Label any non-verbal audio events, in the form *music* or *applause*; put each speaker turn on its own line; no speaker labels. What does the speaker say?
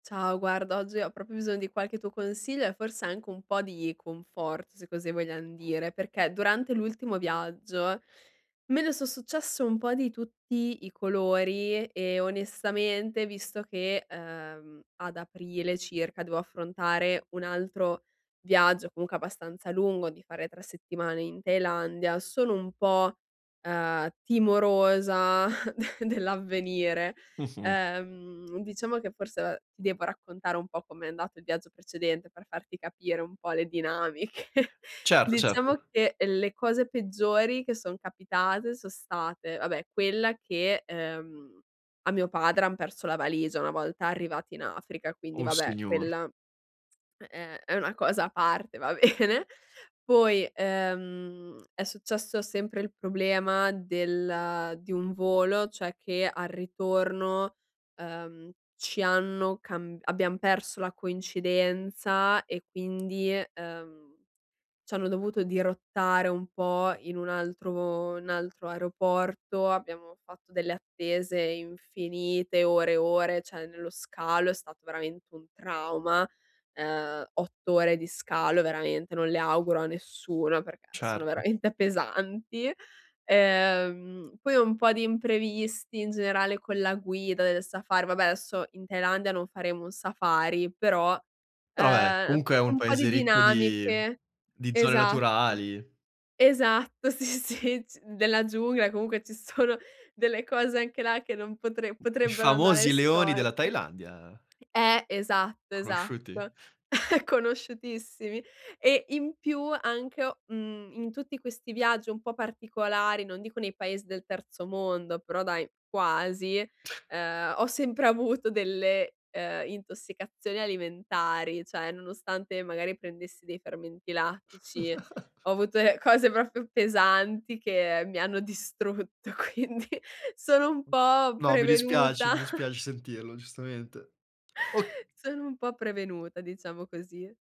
Ciao, guarda, oggi ho proprio bisogno di qualche tuo consiglio e forse anche un po' di conforto, se così vogliam dire, perché durante l'ultimo viaggio me ne son successe un po' di tutti i colori e onestamente, visto che, ehm, ad aprile circa devo affrontare un altro viaggio comunque abbastanza lungo, di fare 3 settimane in Thailandia, sono un po', uhm, timorosa *chuckles* de dell'avvenire.
Mh-mh.
Ehm, diciamo che forse, uhm, ti devo raccontare un po' com'è andato il viaggio precedente per farti capire un po' le dinamiche.
Certo,
Diciamo
certo.
che le cose peggiori che son capitate son state, vabbè, quella che, ehm, a mio padre han perso la valigia una volta arrivati in Africa, quindi
Uh
vabbè,
Signor!
quella è è una cosa a parte, va bene. Poi, ehm, è successo sempre il problema del di un volo, cioè che al ritorno, uhm, ci hanno camb abbiam perso la coincidenza e quindi, ehm, c'hanno dovuto dirottare un po' in un altro n altro aeroporto, abbiamo fatto delle attese infinite, ore e ore, cioè nello scalo è stato veramente un trauma. Ehm, 8 ore di scalo veramente, non le auguro a nessuno perché sono
Certo.
veramente pesanti. Ehm, poi un po' di imprevisti in generale con la guida del safari vabbè, adesso in Thailandia non faremo un safari, però,
Però beh,
ehm,
comunque è un
un po' di
paese ricco di
dinamiche.
di zone
Esatto,
naturali.
esatto, sì, sì, g della giungla comunque ci sono delle cose anche là che non potre
I
potrebbero andare
famosi leoni della
storte.
Thailandia.
Eh, esatto,
Conosciuti?
esatto, *chuckles* conosciutissimi. E in più anche, o mhmm, in tutti questi viaggi un po' particolari, non dico nei paesi del terzo mondo, però dai, quasi,
*chuckles*
ehm, ho sempre avuto delle, ehm, intossicazioni alimentari, cioè nonostante magari prendessi dei fermenti lattici,
*chuckles*
ho avuto de cose proprio pesanti che mi hanno distrutto, quindi sono un po'
No, mi dispiace,
prevenuta.
mi
*chuckles*
dispiace sentirlo giustamente. O
Sono un po' prevenuta, diciamo così.